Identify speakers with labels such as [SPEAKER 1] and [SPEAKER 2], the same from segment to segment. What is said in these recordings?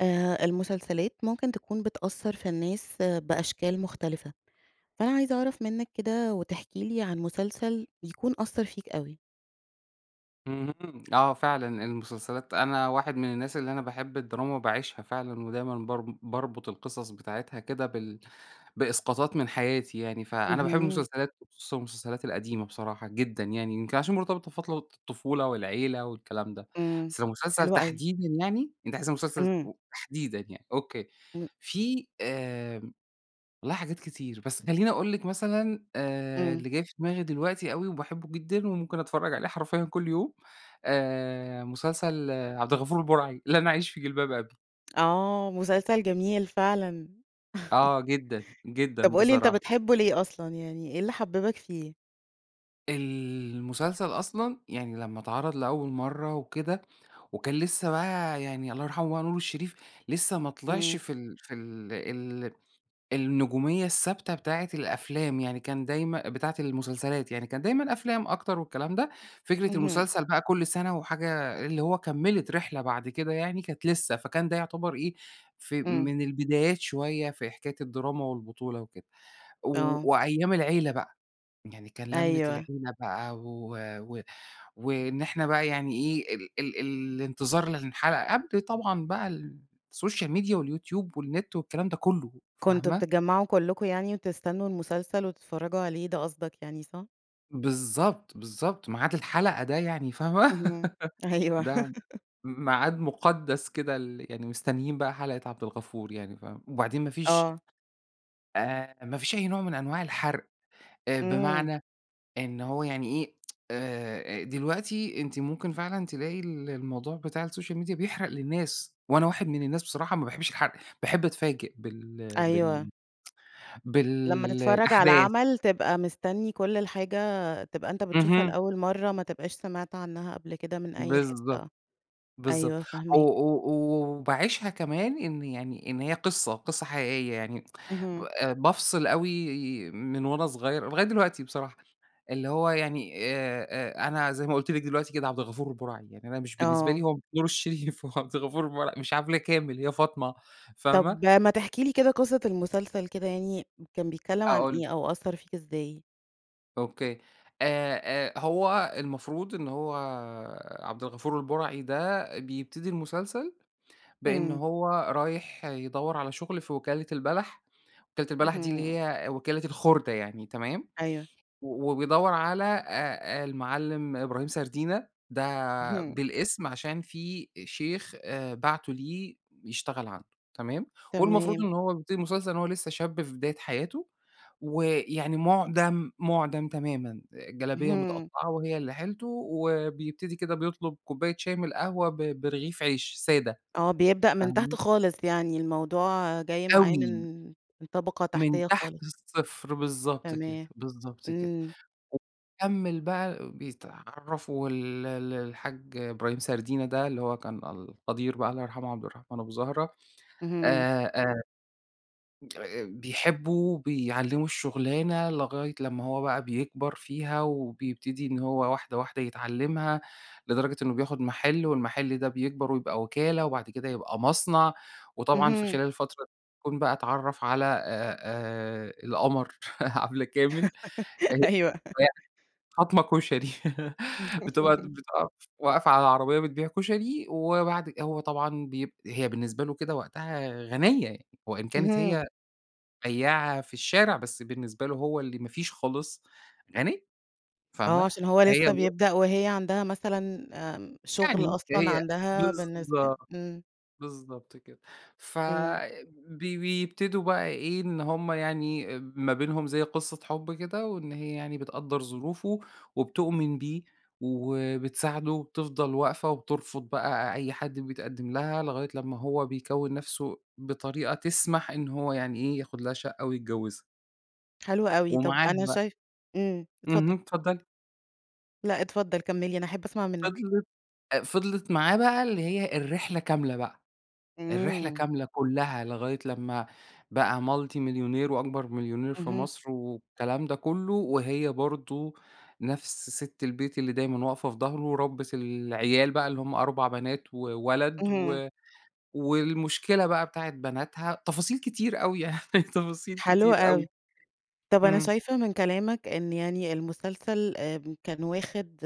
[SPEAKER 1] آآ، المسلسلات ممكن تكون بتأثر في الناس بأشكال مختلفة، فأنا عايزة أعرف منك كده وتحكي لي عن مسلسل بيكون أثر فيك أوي؟
[SPEAKER 2] اهم، آه فعلًا المسلسلات أنا واحد من الناس اللي أنا باحب الدراما، وباعيشها فعلًا، ودايمًا بارب باربط القصص بتاعتها كده بال بإسقاطات من حياتي يعني، فأنا باحب
[SPEAKER 1] اهم.
[SPEAKER 2] المسلسلات وخصوصًا المسلسلات القديمة بصراحة جدًا، يعني يمكن عشان مرتبطة بفترة الطفولة والعيلة والكلام ده،
[SPEAKER 1] إمم،
[SPEAKER 2] بس مسلسل
[SPEAKER 1] حلوة أوي.
[SPEAKER 2] تحديدًا يعني؟ أنتِ عايزة مسلسل
[SPEAKER 1] إمم.
[SPEAKER 2] و تحديدًا يعني، أوكي،
[SPEAKER 1] م
[SPEAKER 2] في آآ، والله حاجات كتير، بس خليني أقول لِك مثلًا آآ،
[SPEAKER 1] إمم.
[SPEAKER 2] اللي جاي في دماغي دلوقتي و وباحبه جدًا وممكن أتفرج عليه حرفيًا كل يوم، آآ، مسلسل عبد الغفور البرعي، لن أعيش في جلباب أبي.
[SPEAKER 1] آه، مسلسل جميل فعلًا.
[SPEAKER 2] آه، جدًا، جدًا
[SPEAKER 1] طب قل لي، أنت
[SPEAKER 2] بصراحة.
[SPEAKER 1] بتحبه ليه أصلًا، يعني إيه اللي حببك فيه؟
[SPEAKER 2] المسلسل أصلًا يعني لما اتعرض لأول مرة وكده، وكان لسه بقى يعني- الله يرحمه- بقى نور الشريف لسه ماطلْعش
[SPEAKER 1] إمم.
[SPEAKER 2] في ال في ال ال النجومية الثابتة بتاعة الأفلام، يعني كان دايمًا بتاعة المسلسلات يعني، كان دايمًا أفلام أكتر والكلام ده، فكرة
[SPEAKER 1] اهم.
[SPEAKER 2] المسلسل بقى كل سنة وحاجة اللي هو كمّلت رحلة بعد كده يعني، كانت لسه، فكان ده يعتبر إيه، ف
[SPEAKER 1] إمم.
[SPEAKER 2] من البدايات شوية في حكاية الدراما والبطولة وكده. و
[SPEAKER 1] آه.
[SPEAKER 2] وأيام العيلة بقى، يعني كان لمة
[SPEAKER 1] أيوه.
[SPEAKER 2] العيلة بقى و و وإن إحنا بقى يعني إيه، ال ال ال الانتظار للحلقة قبل طبعًا بقى ال السوشيال ميديا واليوتيوب والنت والكلام ده كله،
[SPEAKER 1] كنتم
[SPEAKER 2] فاهمة؟
[SPEAKER 1] بتتجمعوا كلكم يعني، وتستنوا المسلسل وتتفرجوا عليه، ده قصدك يعني، صح؟
[SPEAKER 2] بالضبط، بالضبط. ميعاد الحلقة ده يعني فاهمة؟
[SPEAKER 1] اهم. أيوه.
[SPEAKER 2] ده م ميعاد مُقدّس كده ال يعني مستنيين بقى حلقة عبد الغفور يعني فاهمة؟ وبعدين ما فيش
[SPEAKER 1] آه.
[SPEAKER 2] آآ، ما فيش أي نوع من أنواع الحَرق. أ
[SPEAKER 1] إمم.
[SPEAKER 2] بمعنى إن هو يعني إيه، آآ أ دلوقتي أنتِ ممكن فعلًا تلاقي ال الموضوع بتاع السوشيال ميديا بيحرق للناس، وأنا واحد من الناس بصراحة ما باحبش الحرق، باحب أتفاجئ بال
[SPEAKER 1] أيوه.
[SPEAKER 2] بال بال
[SPEAKER 1] لمّا تتفرّج على
[SPEAKER 2] الأحداث.
[SPEAKER 1] العمل، تبقى مستنّي كل الحاجة تبقى أنت بتشوفها
[SPEAKER 2] اهم.
[SPEAKER 1] لأول مرّة، ما تبقاش سمعت عنها قبل كده من أي
[SPEAKER 2] بالضبط،
[SPEAKER 1] حتّة.
[SPEAKER 2] بالضبط.
[SPEAKER 1] أيوه،
[SPEAKER 2] أو
[SPEAKER 1] فاهماك.
[SPEAKER 2] أو و وباعيشها كمان إن يعني إن هي قصة، قصة حقيقية يعني. ب
[SPEAKER 1] اهم.
[SPEAKER 2] أ بافصل أوي، من وأنا صغير، لغاية دلوقتي بصراحة، اللي هو يعني آآ أ أنا زي ما قُلت لِك دلوقتي كده عبد الغفور البُرَعي. يعني أنا مش بالنسبة لي
[SPEAKER 1] آه.
[SPEAKER 2] هو نور الشريف هو عبد الغفور البُرَعي مش عبلة كامل، هي فاطمة، فاهمة؟
[SPEAKER 1] طب ما تحكي لي كده قصة المسلسل كده يعني، كان بيتكلّم عن
[SPEAKER 2] أقول لِك.
[SPEAKER 1] إيه أو أثّر فيك إزاي؟
[SPEAKER 2] أوكي. آآ، آآ هو المفروض إن هو عبد الغفور البُرَعي ده، بيبتدي المسلسل بإن
[SPEAKER 1] إمم.
[SPEAKER 2] هو رايح يدوّر على شغل في وكِالة البَلَح. وكِالة البَلَح دي
[SPEAKER 1] اهم.
[SPEAKER 2] اللي هي وكِالة الخُردة يعني، تمام؟
[SPEAKER 1] أيوه.
[SPEAKER 2] و وبيدوّر على أ أ المعلِّم إبراهيم سردينة، ده
[SPEAKER 1] اهم.
[SPEAKER 2] بالاسم عشان في أ شيخ أ بَعتُه ليه يشتغل عنده، تمام؟ والمفروض
[SPEAKER 1] تمام.
[SPEAKER 2] إن هو بيبتدي المسلسل إن هو لسهّ شاب في بداية حياته، ويعني مُعدَم، مُعدَم تمامًا آآ، جلابية
[SPEAKER 1] اهم.
[SPEAKER 2] مِتقطّعة وهي اللي حيلته، وبيبتدي كده بيطلب كوباية شاي من القهوة ب برغيف عيش سادة،
[SPEAKER 1] آه. بيبدأ من تحت
[SPEAKER 2] فاهمة؟
[SPEAKER 1] خالص، يعني الموضوع جاي معاه
[SPEAKER 2] أوي.
[SPEAKER 1] من من طبقة
[SPEAKER 2] من
[SPEAKER 1] تحتيّة
[SPEAKER 2] تحت
[SPEAKER 1] خالص.
[SPEAKER 2] الصفر بالضبط كده،
[SPEAKER 1] تمام.
[SPEAKER 2] بالضبط كده.
[SPEAKER 1] إمم.
[SPEAKER 2] وكمّل بقى، بيتعرفوا وال ال الحاج إبراهيم سردينة ده، اللي هو كان القدير بقى الله يرحمه عبد الرحمن أبو زهرة،
[SPEAKER 1] اهم.
[SPEAKER 2] آآ، آآ، أ أ بيحبه، بيعلّمه الشُغلانة، لغاية لمّا هو بقى بيكبر فيها وبيبتدي إن هو واحدة، واحدة يتعلّمها، لدرجة إنه بياخد مَحِل والمَحِل ده بيكبر ويبقى وِكالة وبعد كده يبقى مصنع. وطبعًا في
[SPEAKER 1] اهم.
[SPEAKER 2] خلال الفترة يكون بقى أتعرّف على أ أ القمر عبلة كامل، أ
[SPEAKER 1] أيوه.
[SPEAKER 2] [unintelligible] فاطمة كشري. بتبقى بتب آه، واقفة على عربية بتبيع كشري وبعد ك هو طبعًا بيب هي بالنسبة له كده وقتها غَنيّة وإن كانت
[SPEAKER 1] اهم.
[SPEAKER 2] هي بياعة في الشارع، بس بالنسبة له هو اللي ما فيش خالص، غَنيّة،
[SPEAKER 1] آه،
[SPEAKER 2] فاهمة؟
[SPEAKER 1] عشان هو
[SPEAKER 2] فهي
[SPEAKER 1] لسّه
[SPEAKER 2] الو
[SPEAKER 1] بيبدأ وهي عندها مثلًا آمم، شغل
[SPEAKER 2] يعني ده
[SPEAKER 1] أصلًا،
[SPEAKER 2] هي
[SPEAKER 1] عندها بالنسبة
[SPEAKER 2] بالضبط،
[SPEAKER 1] إمم.
[SPEAKER 2] بالضبط كده. ف
[SPEAKER 1] إمم.
[SPEAKER 2] بي بيبتدوا بقى إيه، إن هم يعني أ ما بينهم زي قصة حب كده، وإن هي يعني بتقدّر ظروفه وبتؤمن بيه وبتساعده وبتفضل واقفة وبترفض بقى أ أي حد بيتقدّم لها لغاية لمّا هو بيكوِّن نَفسه بطريقة تسمح إن هو يعني إيه، ياخد لها شقة ويتجوّزها.
[SPEAKER 1] حلو أوي. طب
[SPEAKER 2] ومعاهم
[SPEAKER 1] أنا
[SPEAKER 2] بقى.
[SPEAKER 1] شايفة إمم،
[SPEAKER 2] اهم،
[SPEAKER 1] اتفضّل.
[SPEAKER 2] اتفضّلي.
[SPEAKER 1] لأ اتفضّل كمّل لى أنا أحب أسمع منّك.
[SPEAKER 2] فضلِت أ فضلِت معاه بقى اللي هي الرحلة كاملة بقى. الرحلة
[SPEAKER 1] إمم.
[SPEAKER 2] كاملة كُلّها، لغاية لمّا بقى multi مليونير وأكبر مليونير في
[SPEAKER 1] اهم.
[SPEAKER 2] مصر والكلام ده كُلّه، وهي برضه نفس سِت البيت اللي دايمًا واقفة في ضهره ورَبِّت العيال بقى اللي هم 4 بنات وولد
[SPEAKER 1] اهم.
[SPEAKER 2] و والمشكلة بقى بتاعة بناتها تفاصيل كتير أوي يعني تفاصيل
[SPEAKER 1] حلو
[SPEAKER 2] كتير أوي.
[SPEAKER 1] أوي. طب أنا
[SPEAKER 2] إمم.
[SPEAKER 1] شايفة من كلامك إن يعني المسلسل آآ، كان واخد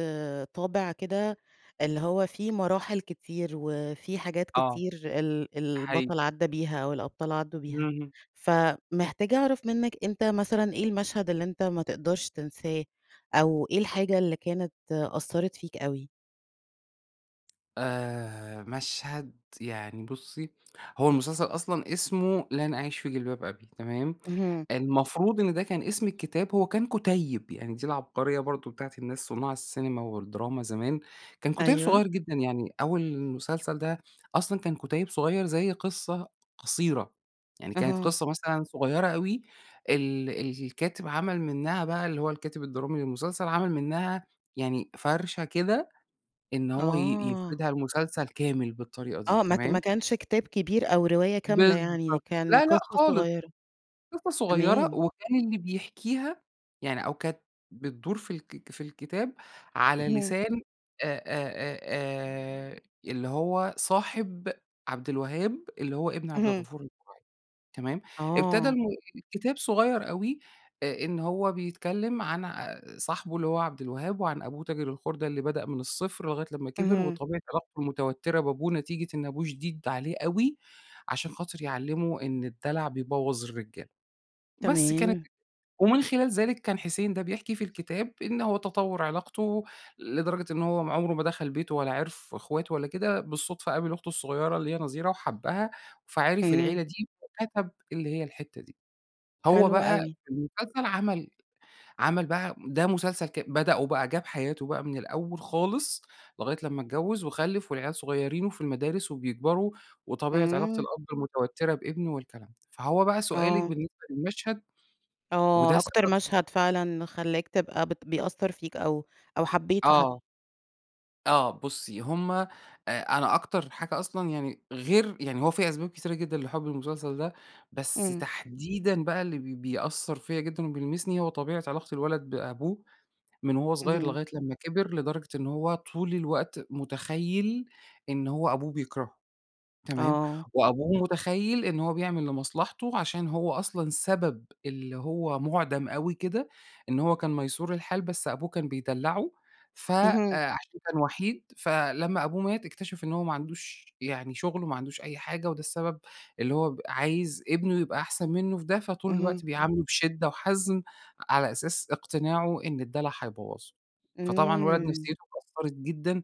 [SPEAKER 1] طابع كده اللي هو في مراحل كتير وفي حاجات
[SPEAKER 2] آه.
[SPEAKER 1] كتير ال
[SPEAKER 2] ده حقي
[SPEAKER 1] البطل عدّى بيها أو الأبطال عدّوا بيها.
[SPEAKER 2] إمم.
[SPEAKER 1] فمحتاجة أعرف منّك أنت مثلًا إيه المشهد اللي أنت ما تقدرش تنساه أو إيه الحاجة اللي كانت أثّرِت فيك أوي؟
[SPEAKER 2] آآ مشهد يعني بُصّي، هو المسلسل أصلًا اسمه لن أعيش في جلباب أبي تمام؟
[SPEAKER 1] اهم.
[SPEAKER 2] المفروض إن ده كان اسم الكتاب هو كان كُتيّب. يعني دي العبقرية برضه بتاعة الناس صُناع السينما والدراما زمان. كان كُتيِّب
[SPEAKER 1] أيوه.
[SPEAKER 2] صغير جدًا يعني أول المسلسل ده أصلًا كان كُتيِّب صغير زي قصة قصيرة. يعني كانت
[SPEAKER 1] أها.
[SPEAKER 2] قصة مثلًا صغيرة أوي ال الكاتب عمل منّها بقى اللي هو الكاتب الدرامي للمسلسل، عمل منّها يعني فَرشة كده إن هو ي
[SPEAKER 1] آه.
[SPEAKER 2] يفردها لمسلسل كامل بالطريقة دي
[SPEAKER 1] آه. ما ك ما
[SPEAKER 2] تمام؟
[SPEAKER 1] كانش كتاب كبير أو رواية كاملة يعني
[SPEAKER 2] بالضبط.
[SPEAKER 1] كان
[SPEAKER 2] لا لأ
[SPEAKER 1] قصة
[SPEAKER 2] خالص.
[SPEAKER 1] صغيرة.
[SPEAKER 2] قصة صغيرة
[SPEAKER 1] تمام.
[SPEAKER 2] وكان اللي بيحكيها يعني أو كانت بتدور في الك في الكتاب على
[SPEAKER 1] اهم.
[SPEAKER 2] لسان أ أ أ آآ اللي هو صاحب عبد الوهاب اللي هو ابن عبد
[SPEAKER 1] اهم.
[SPEAKER 2] الغفور البُرَعى تمام؟ ابتدى
[SPEAKER 1] آه.
[SPEAKER 2] [unintelligible] كتاب صغير أوي أ إن هو بيتكلّم عن ع صاحبه اللي هو عبد الوهاب وعن أبوه تاجر الخُردة اللي بدأ من الصفر لغاية لمّا كبر
[SPEAKER 1] اهم.
[SPEAKER 2] وطبيعة علاقته المتوتّرة بابوه نتيجة إن أبوه شديد عليه أوي عشان خاطر يعلّمه إن الدَلَع بيبوّظ الرجالة. بس كانت
[SPEAKER 1] تمام.
[SPEAKER 2] ومن خلال ذلك، كان حسين ده بيحكي في الكتاب إن هو تطوّر علاقته لدرجة إن هو م عُمره ما دخل بيته ولا عرف إخواته ولا كده. بالصدفة قابل أخته الصغيرة اللي هي نظيرة وحبّها، فعِرف
[SPEAKER 1] إمم.
[SPEAKER 2] العيلة دي وكَتَب اللي هي الحتّة دي. هو
[SPEAKER 1] حلو
[SPEAKER 2] بقى
[SPEAKER 1] أوي.
[SPEAKER 2] المسلسل عمل عمل بقى ده مسلسل ك بدأوا بقى جاب حياته بقى من الأول خالص لغاية لمّا اتجوّز وخلِّف والعيال صغيرين وفي المدارس وبيكبروا وطبيعة علاقة
[SPEAKER 1] إمم.
[SPEAKER 2] الأب المتوتّرة بابنه والكلام ده. فهو بقى سؤالِك
[SPEAKER 1] آه.
[SPEAKER 2] بالنسبة للمشهد.
[SPEAKER 1] آه.
[SPEAKER 2] وده
[SPEAKER 1] أكتر
[SPEAKER 2] سبب
[SPEAKER 1] مشهد فعلًا خلّاك تبقى بت بيأثّر فيك أو أو حبّيته حت
[SPEAKER 2] آه. آه. بُصّي، هم أ أنا أكتر حاجة أصلًا يعني غير يعني هو في أسباب كتيرة جدًا لحُبّي المسلسل ده، بس
[SPEAKER 1] إمم.
[SPEAKER 2] تحديدًا بقى اللي ب بيأثّر فيّا جدًا وبيلمسني، هو طبيعة علاقة الولد بأبوه من وهو صغير
[SPEAKER 1] اهم.
[SPEAKER 2] لغاية لمّا كِبر. لدرجة إن هو طول الوقت مُتخيّل إن هو أبوه بيكرهه تمام؟
[SPEAKER 1] آه.
[SPEAKER 2] وأبوه مُتخيّل إن هو بيعمل لمصلحته عشان هو أصلًا سبب اللي هو مُعدَم أوي كده، إن هو كان مَيسور الحال بس أبوه كان بيدلّعه. ف أ
[SPEAKER 1] اهم.
[SPEAKER 2] عشان كان وَحِيد فلمّا أبوه مات، اكتشف إنه هو ما عندوش يعني شغل وما عندوش أي حاجة وده السبب اللي هو عايز ابنه يبقى أحسن منّه فده فطول
[SPEAKER 1] اهم.
[SPEAKER 2] الوقت بيعامله بشِدّة وحَزم على أساس اقتناعه إن الدَلَع حيبوّظه. فطبعًا الولد
[SPEAKER 1] إمم.
[SPEAKER 2] نفسيته اتكسرت جدًا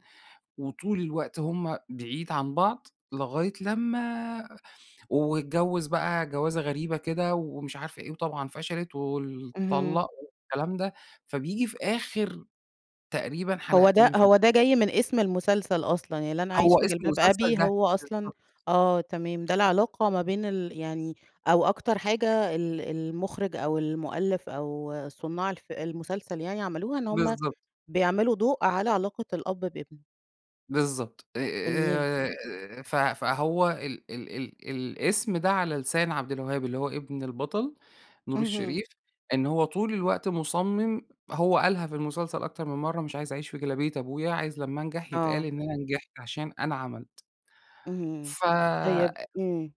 [SPEAKER 2] وطول الوقت هم بعيد عن بعض، لغاية لمّا واتجوّز بقى جَوازة غريبة كده ومش عارف إيه، وطبعًا فشلت وال
[SPEAKER 1] اهم.
[SPEAKER 2] طلَّق والكلام ده. فبييجي في آخر تقريبًا
[SPEAKER 1] هو ده
[SPEAKER 2] حلقتين في
[SPEAKER 1] هو ده جاي من اسم المسلسل أصلًا. يعني لن
[SPEAKER 2] هو
[SPEAKER 1] أعيش في
[SPEAKER 2] اسمه
[SPEAKER 1] جلباب
[SPEAKER 2] مسلسل
[SPEAKER 1] أبي
[SPEAKER 2] ده
[SPEAKER 1] هو أصلًا
[SPEAKER 2] بالضبط.
[SPEAKER 1] آه تمام. ده العلاقة ما بين ال يعني أو أكتر حاجة ال المُخرج أو المُؤلِّف أو صُنّاع الفي المسلسل يعني عملوها إن هم
[SPEAKER 2] بالضبط.
[SPEAKER 1] بيعملوا ضوء على علاقة الأب بابنه.
[SPEAKER 2] بالضبط،
[SPEAKER 1] جميل.
[SPEAKER 2] آآ، آآ ف فهو ال ال ال الأسم ده، على لسان عبدالوهاب، اللي هو إبن البطل نور
[SPEAKER 1] اهم.
[SPEAKER 2] الشريف، إن هو طول الوقت مُصمم هو قالها في المسلسل أكتر من مرة: "مش عايز أعيش في جلابية أبويا، عايز لما انجح يتقال
[SPEAKER 1] آه.
[SPEAKER 2] إن أنا نجحت علشان أنا عملت."
[SPEAKER 1] اهم،
[SPEAKER 2] ف
[SPEAKER 1] طيب
[SPEAKER 2] أ
[SPEAKER 1] امم.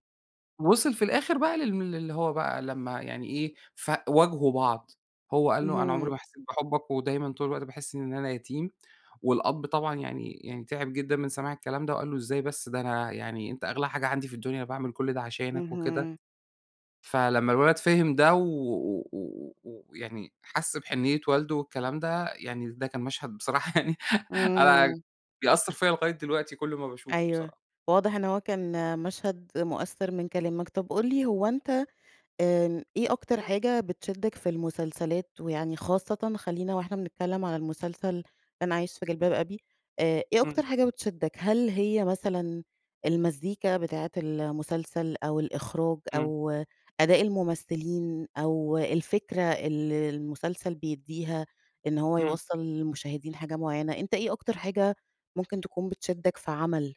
[SPEAKER 2] وصِل في الآخر بقى لل اللي هو بقى لمّا يعني إيه، فواجهوا بعض، هو قال له: "أنا عمري
[SPEAKER 1] اهم.
[SPEAKER 2] ما حسيت بحبك ودايمًا طول الوقت باحس إن أنا يتيم." والأب طبعًا يعني يعني تِعِب جدًا من سماع الكلام ده، وقال له: "إزاي بس! ده أنا يعني أنتَ أغلى حاجة عندي في الدنيا، أنا باعمل كل ده عشانك." وكده،
[SPEAKER 1] اهم.
[SPEAKER 2] فلمّا الولد فهم ده و و و و ويعني حَسْ بحنية والده والكلام ده، يعني ده كان مشهد بصراحة يعني، أنا
[SPEAKER 1] إمم.
[SPEAKER 2] بيأثر فيَّ لغاية دلوقتي كل ما باشوفه
[SPEAKER 1] أيوه،
[SPEAKER 2] بصراحة.
[SPEAKER 1] واضح إن هو كان مشهد مؤثر من كلامك. طب، قل لي هو أنتَ آمم، إيه أكتر حاجة بتشدك في المسلسلات؟ ويعني خاصةً خلينا وإحنا بنتكلم على المسلسل لن أعيش في
[SPEAKER 2] [unintelligible]
[SPEAKER 1] جلباب أبي، آآ، إيه
[SPEAKER 2] إمم.
[SPEAKER 1] أكتر حاجة بتشدك؟ هل هي مثلًا المزيكا بتاعة المسلسل أو الإخراج
[SPEAKER 2] إمم.
[SPEAKER 1] أو أداء الممثلين أو الفكرة اللي المسلسل بيديها، إن هو
[SPEAKER 2] إمم.
[SPEAKER 1] يوصل للمشاهدين حاجة معينة، أنتَ إيه أكتر حاجة ممكن تكون بتشدك في عمل؟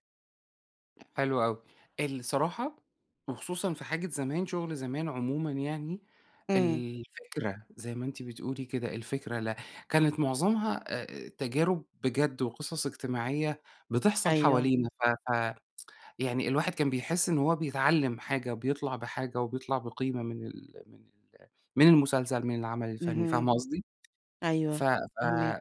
[SPEAKER 2] حلو أوي، الصراحة وخصوصًا في حاجة زمان، شغل زمان عمومًا يعني،
[SPEAKER 1] إمم.
[SPEAKER 2] الفكرة- زي ما أنتِ بتقولي كده- الفكرة، لا، كانت معظمها آآ تجارب بجد وقصص اجتماعية بتحصل
[SPEAKER 1] أيوه.
[SPEAKER 2] حوالينا ف ف يعني الواحد كان بيحس إن هو بيتعلّم حاجة، بيطلع بحاجة وبيطلع بقيمة من ال من ال من المسلسل، من العمل الفني،
[SPEAKER 1] اهم،
[SPEAKER 2] فاهمة قصدي؟ ف
[SPEAKER 1] أيوه،
[SPEAKER 2] ف
[SPEAKER 1] فاهماك.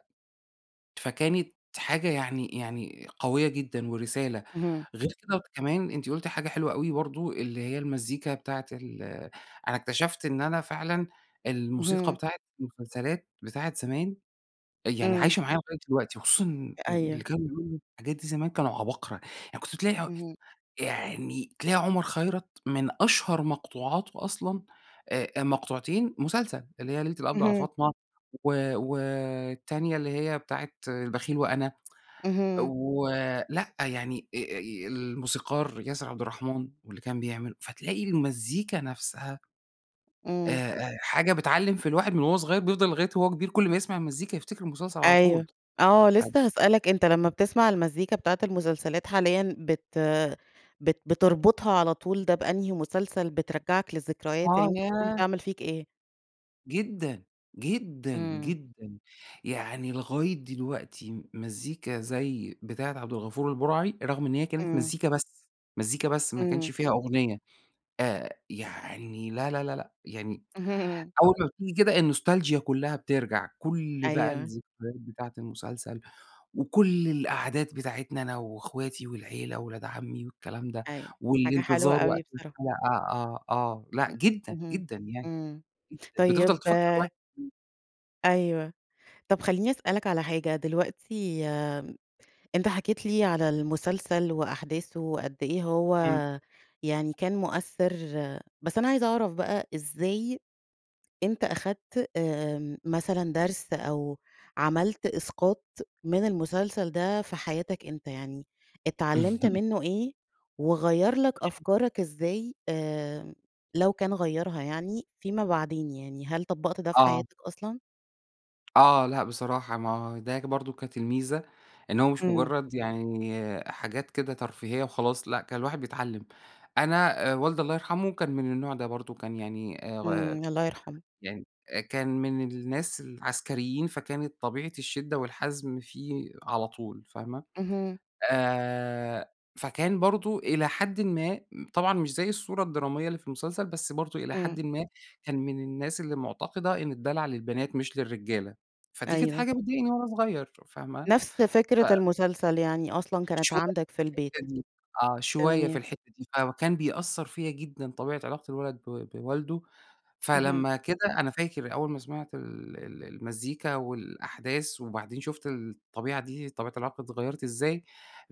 [SPEAKER 2] فكانت حاجة يعني يعني قوية جدًا ورسالة.
[SPEAKER 1] اهم.
[SPEAKER 2] غير كده كمان أنتِ قُلتِ حاجة حلوة أوي برضه، اللي هي المزيكا بتاعة ال أنا اكتشفت إن أنا فعلًا الموسيقى
[SPEAKER 1] اهم.
[SPEAKER 2] بتاعة المسلسلات بتاعة زمان، أ يعني
[SPEAKER 1] إمم.
[SPEAKER 2] عايشة معايا لغاية دلوقتي وخصوصًا
[SPEAKER 1] أ
[SPEAKER 2] إن اللي
[SPEAKER 1] أيوه.
[SPEAKER 2] كانوا بيقولوا الحاجات دي زمان كانوا عباقرة، يعني كنت تلاقي
[SPEAKER 1] اهم.
[SPEAKER 2] يعني تلاقي عمر خيرت من أشهر مقطوعاته أصلًا، آآ، آآ، مقطوعتين مسلسل، اللي هي ليلة القبض على
[SPEAKER 1] اهم.
[SPEAKER 2] فاطمة، و والتانية اللي هي بتاعة البخيل وأنا،
[SPEAKER 1] اهم.
[SPEAKER 2] ولأ يعني أ أ الموسيقار ياسر عبدالرحمن، واللي كان بيعمل فتلاقي المزيكا نفْسها، آآ،
[SPEAKER 1] إمم.
[SPEAKER 2] آآ حاجة بتعلّم في الواحد من وهو صغيّر بيفضل لغاية وهو كبير كلّ ما يسمع المزيكا يفتكر مسلسل على طول.
[SPEAKER 1] أيوه، آه،
[SPEAKER 2] [unintelligible]
[SPEAKER 1] لسّه هاسألك أنت لمّا بتسمع المزيكا بتاعة المسلسلات حاليًا، بت بت بتربطها على طول ده بأنهي مسلسل، بترجّعك للذكريات،
[SPEAKER 2] آه،
[SPEAKER 1] يعني ممكن تكون
[SPEAKER 2] ياه!
[SPEAKER 1] بتعمل فيك إيه؟
[SPEAKER 2] جدًا، جدًا،
[SPEAKER 1] إمم.
[SPEAKER 2] جدًا. يعني لغاية دلوقتي م مزيكا زي بتاعة عبد الغفور البُرَعي، رغم إن هي كانت
[SPEAKER 1] إمم.
[SPEAKER 2] مزيكا بس، مزيكا بس، ما كانش
[SPEAKER 1] إمم.
[SPEAKER 2] فيها أغنية، آآ، يعني لا، لا، لأ، يعني
[SPEAKER 1] اهم.
[SPEAKER 2] أول ما بتيجي كده النوستالجيا كُلّها بترجع، كل بقى
[SPEAKER 1] أيوه.
[SPEAKER 2] الذكريات بتاعة المسلسل، وكل القعدات بتاعتنا أنا وإخواتي والعيلة وأولاد عمي والكلام ده.
[SPEAKER 1] أيوه. حاجة حلوة
[SPEAKER 2] والانتظار
[SPEAKER 1] أوي
[SPEAKER 2] وقت
[SPEAKER 1] بصراحة.
[SPEAKER 2] الحلقة آه، آه، لأ
[SPEAKER 1] إمم،
[SPEAKER 2] جدًا،
[SPEAKER 1] اهم.
[SPEAKER 2] جدًا يعني.
[SPEAKER 1] إمم.
[SPEAKER 2] جدًا، بتفضل
[SPEAKER 1] طيب
[SPEAKER 2] تفكّر الواحد إمم.
[SPEAKER 1] أيوه. طب خلّيني أسألك على حاجة، دلوقتي م أنت حكيت لي على المسلسل وأحداثه، وقد إيه هو
[SPEAKER 2] إمم.
[SPEAKER 1] يعني كان مؤثّر، بس أنا عايزة أعرف بقى، إزاي أنت أخدت آمم مثلًا درس أو عملت إسقاط من المسلسل ده في حياتك أنت؟ يعني اتعلّمت منّه إيه، وغيّر لك
[SPEAKER 2] [unintelligible]
[SPEAKER 1] أفكارك إزاي، آآ، لو كان غيّرها يعني، فيما بعدين، يعني هل طبّقت ده في
[SPEAKER 2] آه.
[SPEAKER 1] حياتك أصلًا؟
[SPEAKER 2] آه. لأ بصراحة ما هو ده برضه كانت الميزة، إن هو مش
[SPEAKER 1] إمم.
[SPEAKER 2] مُجرّد يعني حاجات كده ترفيهية وخلاص لأ، كان الواحد بيتعلّم. أنا والدي الله يرحمه كان من النوع ده برضه. كان يعني أ غ
[SPEAKER 1] إمم الله يرحمه.
[SPEAKER 2] يعني أ كان من الناس العسكريين فكانت طبيعة الشِدّة والحَزم فيه على طول فاهمة؟
[SPEAKER 1] اهم.
[SPEAKER 2] آآ فكان برضه إلى حدٍ ما طبعًا مش زي الصورة الدرامية اللي في المسلسل، بس برضه إلى
[SPEAKER 1] إمم.
[SPEAKER 2] حدٍ ما كان من الناس اللي مُعتقدة إن الدَلَع للبنات مش للرجالة. فدي كانت
[SPEAKER 1] أيوه.
[SPEAKER 2] حاجة بتضايقني وأنا صغير ف فاهمة؟
[SPEAKER 1] نفس
[SPEAKER 2] ف
[SPEAKER 1] فكرة المسلسل يعني أصلًا كانت
[SPEAKER 2] شوي
[SPEAKER 1] عندك في
[SPEAKER 2] في
[SPEAKER 1] البيت.
[SPEAKER 2] الحتّة دي آه. شوية في
[SPEAKER 1] تمام.
[SPEAKER 2] الحتّة دي. فكان بيأثّر فيّا جدًا طبيعة علاقة الولد بو بوالده.
[SPEAKER 1] اهم.
[SPEAKER 2] فلمّا كده أنا فاكر أول ما سمعت ال ال المزيكا والأحداث وبعدين شُفت الطبيعة دي طبيعة العلاقة اتغيّرت إزاي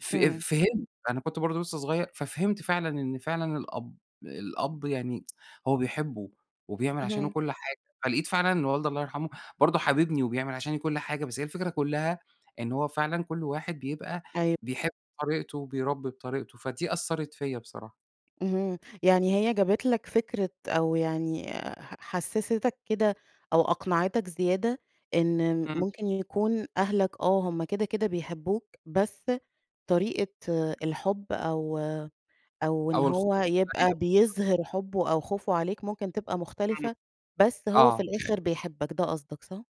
[SPEAKER 2] ف أ
[SPEAKER 1] إمم.
[SPEAKER 2] فهمت. أنا كنت برضه لسّه صغير ففهمت فعلًا إن فعلًا الأب الأب يعني هو بيحبه وبيعمل عشانه
[SPEAKER 1] اهم.
[SPEAKER 2] كل حاجة. فلقيت فعلًا إن والدي الله يرحمه برضه حاببني وبيعمل عشاني كل حاجة. بس هي الفكرة كُلّها، إنه هو فعلًا كل واحد بيبقى
[SPEAKER 1] أيو
[SPEAKER 2] بيحب طريقته، وبيربّي بطريقته. فدي أثّرِت فيّا بصراحة.
[SPEAKER 1] اهم يعني هي جابت لك فكرة أو يعني ح حسِّستَك كده أو أقنعتك زيادة، إن
[SPEAKER 2] إمم.
[SPEAKER 1] ممكن يكون أهلك، آه، هُم كده، كده بيحبُّوك، بس طريقة الحب أو أو إن
[SPEAKER 2] أو الخوف
[SPEAKER 1] هو
[SPEAKER 2] عليَّ
[SPEAKER 1] يبقى
[SPEAKER 2] [unintelligible]
[SPEAKER 1] بيظهِر حُبُّه أو خوفه عليك، ممكن تبقى
[SPEAKER 2] إمم،
[SPEAKER 1] مختلفة، بس هو في
[SPEAKER 2] آه.
[SPEAKER 1] الآخر بيحبَّك، ده قصدك صح؟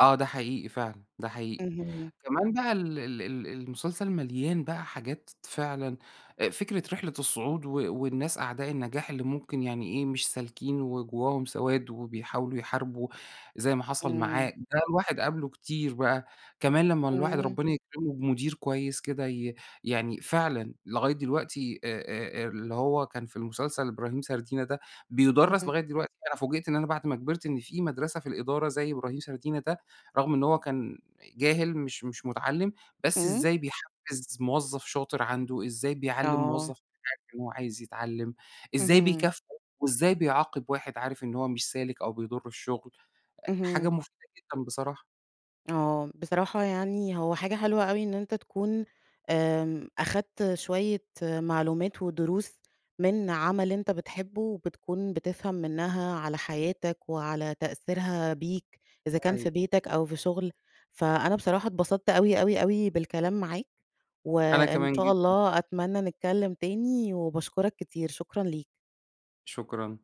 [SPEAKER 2] آه، ده حقيقي فعلًا، ده حقيقي،
[SPEAKER 1] اهم.
[SPEAKER 2] كمان بَقَى ال ال ال المُسلسل مليان بقى حاجات فعلًا، آآ فكرة رحلة الصُّعود و والناس أعداء النَّجاح، اللي ممكن يعني إيه، مش سالكين، وجُوَّاهُم سواد وبيحاولوا يحاربوا، زي ما حصل معاه،
[SPEAKER 1] إمم.
[SPEAKER 2] ده الواحد قابلُه كتير بقى. كمان لمّا الواحد
[SPEAKER 1] إمم.
[SPEAKER 2] ربنا يكرمه بمدير كويِّس كده ي يعني فعلًا لغاية دلوقتي آآ، آآ، آآ، اللي هو كان في المُسلسل إبراهيم سردينة ده، بيُدَرّس
[SPEAKER 1] اهم.
[SPEAKER 2] لغاية دلوقتي، أنا فوجئت إن أنا بعد ما كبرت، إن في مدرسة في الإدارة زي إبراهيم سردينة ده، رغم إن هو كان جاهل مش مش مُتَعَلِّم، بس
[SPEAKER 1] إمم.
[SPEAKER 2] إزاي بيحفِّز موظف شاطر عنده، إزَّاي بيعلّم
[SPEAKER 1] آه.
[SPEAKER 2] مُوظَّف [unintelligible] إن هو عايز يتعلِّم، إزاي
[SPEAKER 1] اهم.
[SPEAKER 2] بيكافئه، وإزَّاي بيعاقب واحد عارف إن هو مش سالك أو بيضُرّ الشُّغل، أ حاجة
[SPEAKER 1] اهم.
[SPEAKER 2] مُفيدة جدًا بصراحة.
[SPEAKER 1] آه، بصراحة يعني هو حاجة حلوة أوي إن أنت تكون، آمم، أخدت شوية معلومات ودروس من عمل إنت بتحبه، وبتكون بتفهم منها على حياتك وعلى تأثيرها بيك، إذا
[SPEAKER 2] ده
[SPEAKER 1] كان في
[SPEAKER 2] حقيقي.
[SPEAKER 1] بيتك أو في شُغل، فأنا بصراحة اتبسطت أوي، أوي، أوي بالكلام معاك،
[SPEAKER 2] أنا
[SPEAKER 1] وإن
[SPEAKER 2] كمان
[SPEAKER 1] شاء
[SPEAKER 2] جدًا.
[SPEAKER 1] الله أتمنى نتكلم تاني، وباشكرك كتير شكرًا ليك.
[SPEAKER 2] شكرًا.